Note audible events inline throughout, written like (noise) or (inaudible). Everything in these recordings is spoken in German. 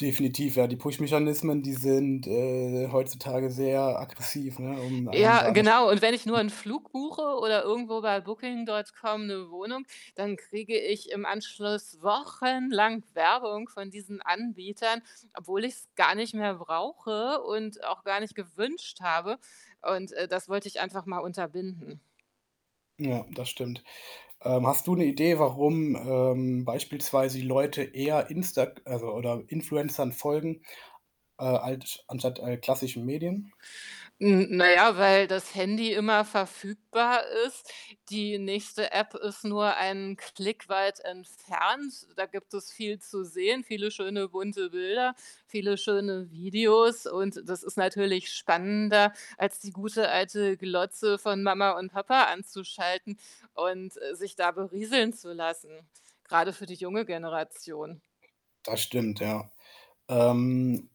Definitiv, ja. Die Push Mechanismen, die sind, äh, heutzutage sehr aggressiv, ne, um einen Ja, da an der St genau. Und wenn ich nur (unintelligible) 'n Flug buche oder irgendwo bei Booking.com 'ne Wohnung, dann kriege ich im Anschluss wochenlang Werbung von diesen Anbietern, obwohl ich's gar nicht mehr brauche und auch gar nicht gewünscht habe und, äh, das wollte ich einfach mal unterbinden. Ja, das stimmt. Ähm, hast du 'ne Idee, warum, ähm, beispielsweise die Leute eher Instag also, oder Influencern folgen, äh, alsch anstatt, äh, klassischen Medien? Hm, na ja, weil das Handy immer verfügbar ist. Die nächste App ist nur einen Klick weit entfernt. Da gibt es viel zu sehen, viele schöne, bunte Bilder, viele schöne Videos. Und das ist natürlich spannender, als die gute, alte Glotze von Mama und Papa anzuschalten und, äh, sich da berieseln zu lassen, grade für die junge Generation. Das stimmt, ja. Ähm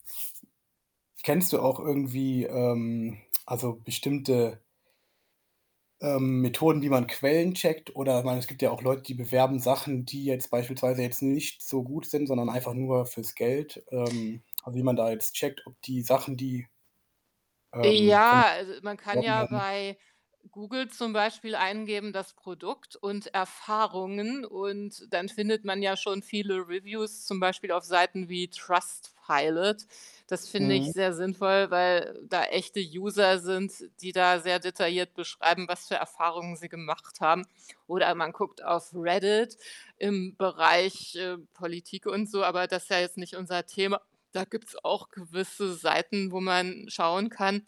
kennst du auch irgendwie, ähm, also bestimmte ähm, Methoden, wie man Quellen checkt? Oder ich meine, es gibt ja auch Leute, die bewerben Sachen, die jetzt beispielsweise jetzt nicht so gut sind, sondern einfach nur fürs Geld, ähm wie man da jetzt checkt, ob die Sachen, die ähm, von Ja, also, man kann beworben ja werden. bei Google zum Beispiel eingeben: „das Produkt und Erfahrungen“, und dann findet man ja schon viele Reviews, zum Beispiel auf Seiten wie Trustpilot. Das finde ich Mhm. sehr sinnvoll, weil da echte User sind, die da sehr detailliert beschreiben, was für Erfahrungen sie gemacht haben. Oder man guckt auf Reddit im Bereich, äh, Politik und so, aber das ist ja jetzt nicht unser Thema. Da gibt's auch gewisse Seiten, wo man schauen kann.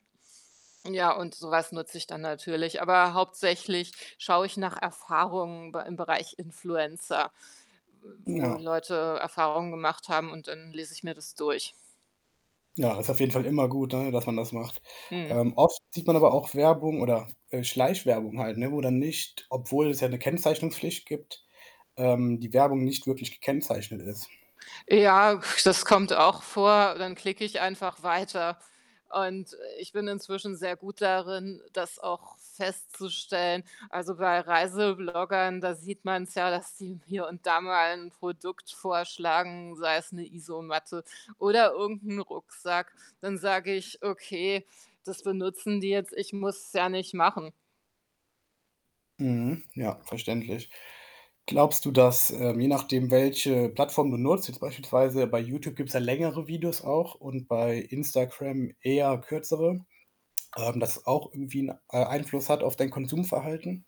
Ja, und so was nutze ich dann natürlich. Aber hauptsächlich schaue ich nach Erfahrungen B im Bereich Influencer, w wo Ja. Leute Erfahrungen gemacht haben und dann lese ich mir das durch. Ja das ist auf jeden Fall immer gut, ne, dass man das macht. Mhm. Ähm, oft sieht man aber auch Werbung oder, äh, Schleichwerbung halt, ne, wo dann nicht obwohl es ja 'ne Kennzeichnungspflicht gibt, ähm, die Werbung nicht wirklich gekennzeichnet ist. Ja, das kommt auch vor. Dann klicke ich einfach weiter und ich bin inzwischen sehr gut darin, das auch festzustellen. Also, bei Reisebloggern, da sieht man's ja, dass die hier und da mal 'n Produkt vorschlagen, sei es 'ne Isomatte oder irgend 'n Rucksack. Dann sage ich: „Okay, das benutzen die jetzt. Ich muss es ja nicht machen.“ Mhm. Ja, verständlich. Glaubst du, dass, ähm, je nachdem welche Plattform du nutzt, jetzt beispielsweise bei Youtube gibt's ja längere Videos auch und bei Instagram eher kürzere, ähm, dass es auch irgendwie 'n, äh, Einfluss hat auf dein Konsumverhalten?